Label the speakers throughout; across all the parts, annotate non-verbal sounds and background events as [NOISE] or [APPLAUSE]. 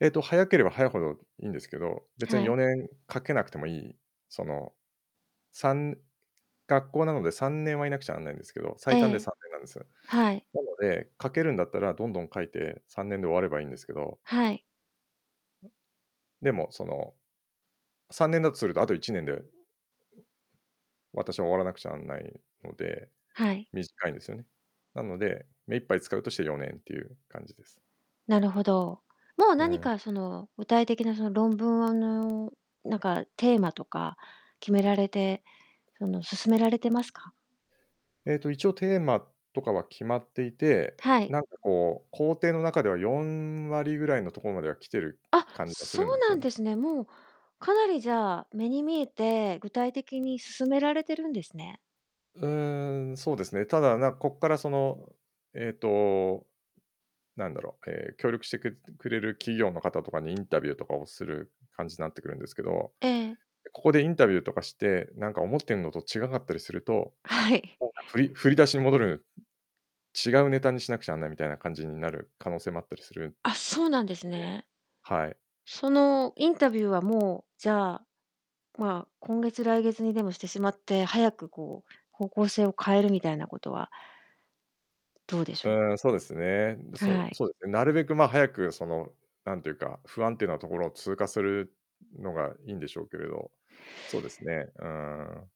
Speaker 1: えっと、早ければ早いほどいんですけど、別
Speaker 2: は
Speaker 1: によ
Speaker 2: い。
Speaker 1: ねんかけなくてもいい、その、3学校なので3年はいなくちゃなんないんですけど、
Speaker 2: え
Speaker 1: 最短で
Speaker 2: え。
Speaker 1: 3年なんですよ。
Speaker 2: はい。
Speaker 1: なので、書けるんだったらどんどん書いて、3年で終わればいいんですけど
Speaker 2: はい。
Speaker 1: でも、その、3年だとすると、あと1年で私は終わらなくちゃなんないので、
Speaker 2: はい。
Speaker 1: 短いんですよね。なので、目いっぱい使うとして4年っていう感じです。
Speaker 2: なるほど。もう
Speaker 1: う
Speaker 2: 何
Speaker 1: ん。
Speaker 2: かその具体的なその論文、うんぬんなんかテーマとか決められて、その進められてますか？
Speaker 1: えと、一応テーマとかは決まっていて、
Speaker 2: はい。
Speaker 1: なんかこう、工程の中では4割ぐらいのところまでは来てる
Speaker 2: あっ、
Speaker 1: 感じがす
Speaker 2: そ
Speaker 1: るん
Speaker 2: う
Speaker 1: です
Speaker 2: な
Speaker 1: よ
Speaker 2: ん
Speaker 1: ね。
Speaker 2: ですね。もう、かなりじゃあ、目に見えて、具体的に進められてるんですね。
Speaker 1: うーん、そうですね、ただなこっからその、ええと、なんだろう、え、協力してくれっくれる企業の方とかにインタビューとかをする感じになってくるんですけど。
Speaker 2: ええ。
Speaker 1: ここでインタビューとかして、なんか思ってんのと違かったりすると、
Speaker 2: はい。[CHUCKLES]
Speaker 1: ほうか、ふりふり振り出しに戻る、違うネタにしなくちゃなんないみたいな感じになる可能性もあったりするんね。
Speaker 2: あ、そうなんですね。
Speaker 1: はい。
Speaker 2: そのインタビューはもう、じゃあ、まあ、今月、来月にでもしてしまって、早くこう方向性を変えるみたいなことはどうでし
Speaker 1: う
Speaker 2: ょ
Speaker 1: ーん、そうですね。
Speaker 2: う？
Speaker 1: そ
Speaker 2: は
Speaker 1: う
Speaker 2: い。
Speaker 1: そうですね、なるべく、ま、早くその、なんていうか、不安定なところを通過するのがいんでしょうけれど。そうですね、うーん。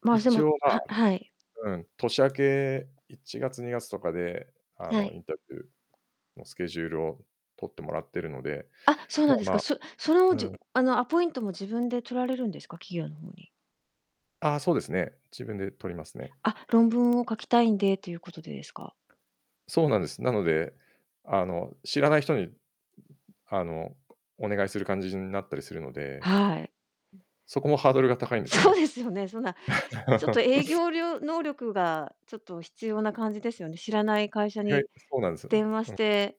Speaker 2: ま、そ
Speaker 1: 一
Speaker 2: の
Speaker 1: 応、ま
Speaker 2: ははい。
Speaker 1: あうん、年明け1月、2月とかで、あ
Speaker 2: は
Speaker 1: の、
Speaker 2: い。
Speaker 1: インタビューのスケジュールを取ってもらってるので、
Speaker 2: あ、そう
Speaker 1: ま
Speaker 2: なん
Speaker 1: あ
Speaker 2: です
Speaker 1: ま
Speaker 2: か。
Speaker 1: あ
Speaker 2: そその
Speaker 1: う
Speaker 2: じ
Speaker 1: ん。
Speaker 2: あのアポイントも自分で取られるんですか、企業の方に。
Speaker 1: あ、そうですね。自分で取りますね。
Speaker 2: あ、論文を書きたいんでということでですか？
Speaker 1: そうなんです。なので、あの、知らない人に、あの、お願いする感じになったりするので
Speaker 2: はい。
Speaker 1: そこもハードルが高いんですよ
Speaker 2: そう
Speaker 1: ね。
Speaker 2: ですよね、そんなちょっと営
Speaker 1: [LAUGHS]
Speaker 2: 業りょ能力がちょっと必要な感じですよね。知らない会社
Speaker 1: 意外
Speaker 2: に
Speaker 1: とそうなんですよね。
Speaker 2: 電話し
Speaker 1: うん。
Speaker 2: て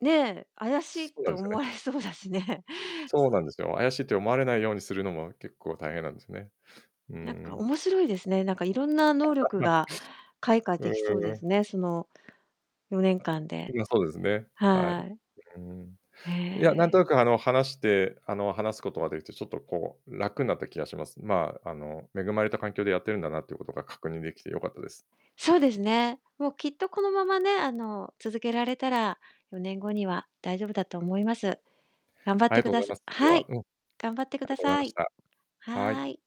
Speaker 2: ねえ、怪しいっ
Speaker 1: そうな
Speaker 2: て
Speaker 1: んですよ
Speaker 2: 思わ
Speaker 1: ね。
Speaker 2: れそうだしね。
Speaker 1: そうなんですよ。怪しいと思われないようにするのも、結構大変なんですね。うんう
Speaker 2: なんか
Speaker 1: ん。
Speaker 2: 面白いですね。なんかいろんな能力
Speaker 1: [UNINTELLIGIBLE]
Speaker 2: が開花
Speaker 1: うん
Speaker 2: でき
Speaker 1: う
Speaker 2: そう
Speaker 1: ん
Speaker 2: で
Speaker 1: うん。
Speaker 2: すね。その4年間で。
Speaker 1: ま、そうですね、はい。う
Speaker 2: はい。
Speaker 1: うん。
Speaker 2: へ
Speaker 1: いや、なんと
Speaker 2: え。
Speaker 1: なくあの話してあの、話すことができて、ちょっとこう、楽になった気がします。まあ、あの恵まれた環境でやってるんだなっていうことが確認できてよかったです。
Speaker 2: そうですね。もうきっとこのままね、あの、続けられたら4年後には大丈夫だと思います。頑張っ
Speaker 1: あり
Speaker 2: て
Speaker 1: が
Speaker 2: く
Speaker 1: とうご
Speaker 2: だ
Speaker 1: ざい
Speaker 2: さ
Speaker 1: ます、今日
Speaker 2: は
Speaker 1: は。
Speaker 2: い、
Speaker 1: うん。あり
Speaker 2: 頑張ってく
Speaker 1: が
Speaker 2: だ
Speaker 1: とうござい
Speaker 2: さ
Speaker 1: まし
Speaker 2: い。
Speaker 1: た。は
Speaker 2: は
Speaker 1: い。
Speaker 2: い。